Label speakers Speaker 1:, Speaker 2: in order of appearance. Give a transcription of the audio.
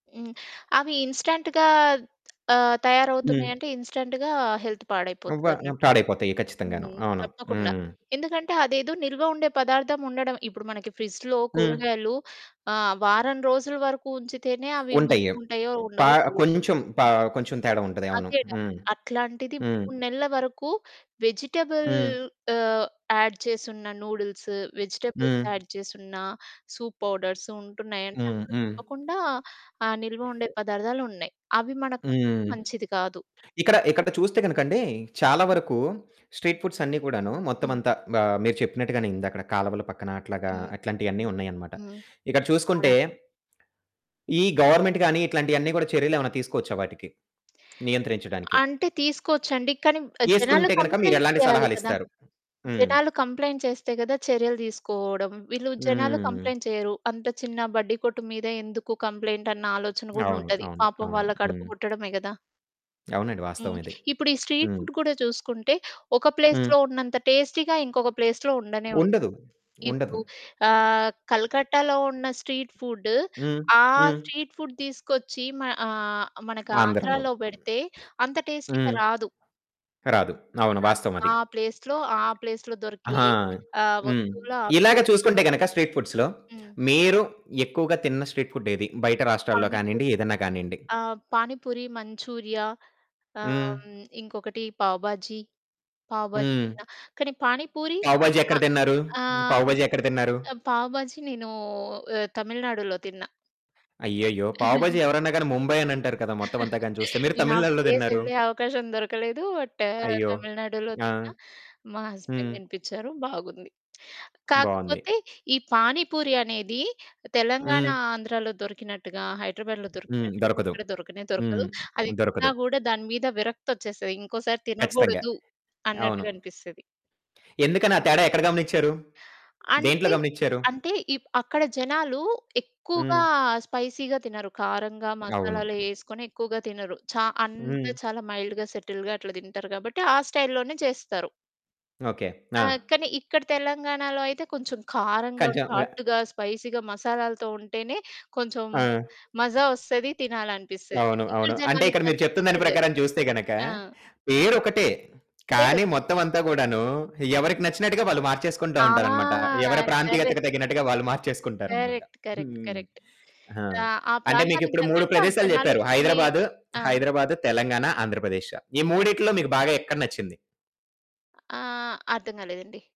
Speaker 1: హ్మ్, అవి ఇన్స్‌టెన్ట్‌గా ఆహ్, తయారవుతున్నాయి
Speaker 2: హ్మ్.
Speaker 1: అంటే, ఇన్స్‌టెన్ట్‌గా హెల్త్
Speaker 2: అవ్వ
Speaker 1: పాడైపోతది
Speaker 2: ఆహ్,
Speaker 1: అన్నట్టు.
Speaker 2: పాడైపోతాయి ఖచ్చితంగాను,
Speaker 1: హ్మ్.
Speaker 2: అవును.
Speaker 1: తప్పకుండా,
Speaker 2: హ్మ్.
Speaker 1: ఎందుకంటే అదేదో నిల్వ ఉండే పదార్థం ఉండడం ఇప్పుడు మనకి ఫ్రిడ్జ్‌లో
Speaker 2: హ్మ్.
Speaker 1: కూరగాయలు ఆహ్, వారం రోజుల వరకు ఉంచితేనే, అవి
Speaker 2: ఉంటయ్యి.
Speaker 1: మంచిగా ఉంటాయో,
Speaker 2: ఓహ్, ప
Speaker 1: ఉండవో తెలిదు.
Speaker 2: కొంచెం ప కొంచెం తేడా ఉంటది. అవును.
Speaker 1: అదేగద.
Speaker 2: హ్మ్,
Speaker 1: అట్లాంటిది
Speaker 2: హ్మ్.
Speaker 1: 3 నెలల వరకు వెజిటబుల్
Speaker 2: హ్మ్.
Speaker 1: ఆహ్, యాడ్ చేసున్న నూడిల్స్, వెజిటబుల్స్
Speaker 2: హ్మ్.
Speaker 1: యాడ్ చేసున్న సూప్ పౌడర్స్ ఉంటున్నాయి అంటే
Speaker 2: హ్మ్,
Speaker 1: అందులో
Speaker 2: హ్మ్.
Speaker 1: తప్పకుండా, ఆహ్, నిల్వ ఉండే పదార్థాలు ఉన్నయి. అవి మనకు కడుపుకి
Speaker 2: హ్మ్.
Speaker 1: మంచిది కాదు.
Speaker 2: ఇక్కడ, ఇక్కడ చూస్తే గనుకండీ, చాలా వరకు స్ట్రీట్ ఫుడ్స్ అన్ని కూడాను, మొత్తం
Speaker 1: హ్మ్.
Speaker 2: అంతా బా మీరు చెప్పినట్టుగానే, ఇందాక కాలువల పక్కన,
Speaker 1: హ్మ్.
Speaker 2: అట్లాగా అట్లాంటియన్ని ఉన్నాయన్నమాట.
Speaker 1: హ్మ్.
Speaker 2: ఇక్కడ చూసుకుంటే,
Speaker 1: అవునండి.
Speaker 2: ఈ గవర్నమెంట్ గాని ఇట్లాంటియన్ని కూడా చర్యలేమన్నా తీసుకోవచ్చా వాటికి? నియంత్రించడానికి.
Speaker 1: అంటే, తీసుకోవచ్చండి. కానీ ఆహ్, జనాలు
Speaker 2: ఏసుకుంటే గనక
Speaker 1: కంప్లెయింట్స్
Speaker 2: మీరెలాంటి
Speaker 1: చేయాలి కదా!
Speaker 2: సలహాలిస్తారు? హ్మ్.
Speaker 1: జనాలు కంప్లెయింట్ చేస్తే కదా, చర్యలు తీసుకోవడం, వీళ్ళు జనాలు
Speaker 2: హ్మ్.
Speaker 1: కంప్లెయింట్ చెయ్యరు. అంత చిన్న బడ్డి కొట్టు మీద ఎందుకు కంప్లెయింటన్న ఆలోచన కూడా
Speaker 2: అవును,
Speaker 1: ఉంటది.
Speaker 2: అవును,
Speaker 1: పాపం
Speaker 2: అవును.
Speaker 1: వాళ్ళ కడుపు
Speaker 2: హ్మ్.
Speaker 1: గొట్టడమే గదా!
Speaker 2: అవునండి, వాస్తవం
Speaker 1: హ్మ్,
Speaker 2: ఇది.
Speaker 1: ఇప్పుడీ స్ట్రీట్
Speaker 2: హ్మ్.
Speaker 1: ఫుడ్ కూడా చూసుకుంటే, ఒక
Speaker 2: హ్మ్.
Speaker 1: ప్లేస్‌లో ఉన్నంత టేస్టీగా ఇంకొక ప్లేస్‌లో ఉండనే ఉండదు.
Speaker 2: ఉండదు,
Speaker 1: ఇప్పుడూ
Speaker 2: ఉండదు.
Speaker 1: ఆహ్, కలకత్తాలో ఉన్న స్ట్రీట్ ఫుడ్డు,
Speaker 2: హ్మ్,
Speaker 1: ఆ
Speaker 2: హ్మ్.
Speaker 1: స్ట్రీట్ ఫుడ్ తీసుకొచ్చి మ ఆహ్, మనకి
Speaker 2: ఆంధ్రలో.
Speaker 1: ఆంధ్రాలో
Speaker 2: హ్మ్.
Speaker 1: పెడితే, అంత టేస్టీగా
Speaker 2: హ్మ్
Speaker 1: రాదు.
Speaker 2: కరాదు. అవును,
Speaker 1: రాదు.
Speaker 2: వాస్తవం అది.
Speaker 1: ఆ ప్లేస్‌లో ఆ ప్లేస్‌లో దొరికే
Speaker 2: ఆహా!
Speaker 1: ఆహ్,
Speaker 2: హ్మ్.
Speaker 1: వస్తువులు ఆ
Speaker 2: ఇలాగ
Speaker 1: ప్లేస్‌లోనే
Speaker 2: చూసుకుంటే గనక స్ట్రీట్ ఫుడ్స్‌‌లో
Speaker 1: హ్మ్.
Speaker 2: మీరు ఎక్కువగా తిన్న స్ట్రీట్ ఫుడ్ ఏది? బయట రాష్ట్రాల్లో కానియండి,
Speaker 1: పానిపూరి.
Speaker 2: ఏదైనా కానియండి.
Speaker 1: ఆ! పానిపూరి, మంచూరియా, ఆహ్,
Speaker 2: హ్మ్.
Speaker 1: హ్మ్, ఇంకొకటి పావ్ భాజీ, పావ్ భాజీ
Speaker 2: హ్మ్.
Speaker 1: తిన్నా. కానీ పానీపూరి
Speaker 2: పావ్ భాజీ ఎక్కడ
Speaker 1: ఆహ్,
Speaker 2: తిన్నారు? హ్మ్.
Speaker 1: ఆహ్,
Speaker 2: పావ్
Speaker 1: హ్మ్.
Speaker 2: భాజీ ఎక్కడ తిన్నారు?
Speaker 1: ఆహ్, పావ్ భాజీ నేనూ ఆహ్, తమిళనాడులో తిన్నా.
Speaker 2: అయ్యయ్యో! పావ్ భాజీ ఎవరైనా గాని ముంబై అనంటారు కదా, మొత్తం అంతా గాని చూస్తే, మీరు
Speaker 1: నేనా
Speaker 2: తమిళనాడులో తిన్నారు.
Speaker 1: ప్లేసెళ్ళే అవకాశం దొరకలేదు. బట్
Speaker 2: అయ్యో!
Speaker 1: తమిళనాడులో
Speaker 2: ఆ!
Speaker 1: తిన్నా, మా హస్బెండ్
Speaker 2: హ్మ్.
Speaker 1: తినిపించారు. బాగుంది.
Speaker 2: బావుంది.
Speaker 1: కాకపోతే, ఈ పానీపూరి అనేది, తెలంగాణ
Speaker 2: హ్మ్.
Speaker 1: ఆంధ్రాలో దొరికినట్టుగా, హైదరాబాద్‌లో
Speaker 2: హ్మ్,
Speaker 1: దొరికినట్టుగా
Speaker 2: దొరకదు.
Speaker 1: ఇక్కడ దొరకనే దొరకదు.
Speaker 2: హ్మ్,
Speaker 1: అది
Speaker 2: దొరకదు.
Speaker 1: తిన్నా కూడా దాని మీద విరక్తొచ్చేస్తది. ఇంకోసారి
Speaker 2: ఖచ్చితంగా.
Speaker 1: తినకూడదు
Speaker 2: అవును.
Speaker 1: అన్నట్టుగా అనిపిస్తది.
Speaker 2: ఎందుకని ఆ తేడా ఎక్కడ గమనించారు? దేంట్లో
Speaker 1: అంటే,
Speaker 2: గమనించారు?
Speaker 1: అంటే, ఇప్ అక్కడ జనాలు ఎక్కువగా
Speaker 2: హ్మ్.
Speaker 1: స్పైసీగా తినరు. కారంగా
Speaker 2: అవును.
Speaker 1: మసాలాలు ఏసుకొని ఎక్కువగా తినరు. చా అంత
Speaker 2: హ్మ్.
Speaker 1: చాలా మైల్డ్‌గా, సెటిల్డ్‌గా అట్లా తింటారు కాబట్టి, ఆ స్టైల్‌లోనే చేస్తారు.
Speaker 2: ఓకె. ఆ!
Speaker 1: ఆహ్, కానీ ఇక్కడ తెలంగాణలో అయితే కొంచెం కారంగా,
Speaker 2: కంచంగా.
Speaker 1: ఘాటుగా, స్పైసీగా, మసాలాలతో ఉంటేనే, కొంచెం
Speaker 2: ఆ!
Speaker 1: మజా వస్తది, తినాలనిపిస్తది.
Speaker 2: అవును,
Speaker 1: ఇక్కడ
Speaker 2: అవును. అంటే,
Speaker 1: జనాలకి
Speaker 2: ఇక్కడ మీరు
Speaker 1: తగ్గట్టు
Speaker 2: చెప్తున్న దాని
Speaker 1: ఇక్కడ జేస్
Speaker 2: ప్రకారం చూస్తే గనక,
Speaker 1: ఆ!
Speaker 2: పేరొకటే, హ్మ్, కానీ
Speaker 1: పేరొకటి.
Speaker 2: మొత్తం అంతా కూడాను, ఎవరికి నచ్చినట్టుగా వాళ్ళు మార్చేసుకుంటూ
Speaker 1: ఆ!
Speaker 2: ఉంటారన్నమాట. ఎవరి
Speaker 1: కరెక్ట్...
Speaker 2: ప్రాంతీయతకు తగినట్టుగా, వాళ్ళు మార్చేసుకుంటారన్నమాట.
Speaker 1: కరెక్ట్. కరెక్ట్.
Speaker 2: హ్మ్.
Speaker 1: కరెక్ట్.
Speaker 2: ఆ!
Speaker 1: రా ఆ!
Speaker 2: అంటే
Speaker 1: ప్రాంతానికి
Speaker 2: మీకిప్పుడు 3
Speaker 1: తగ్గట్టు, ఆ
Speaker 2: ప్రదేశాలు
Speaker 1: జనాలు
Speaker 2: చెప్పారు
Speaker 1: తినే
Speaker 2: హైదరాబాద్,
Speaker 1: ఆ!
Speaker 2: హైదరాబాద్, తెలంగాణ, ఆంధ్రప్రదేశ్. ఈ మూడిట్లో మీకు బాగా ఎక్కడ నచ్చింది?
Speaker 1: ఆ! ఆ! అర్థం కాలేదండి.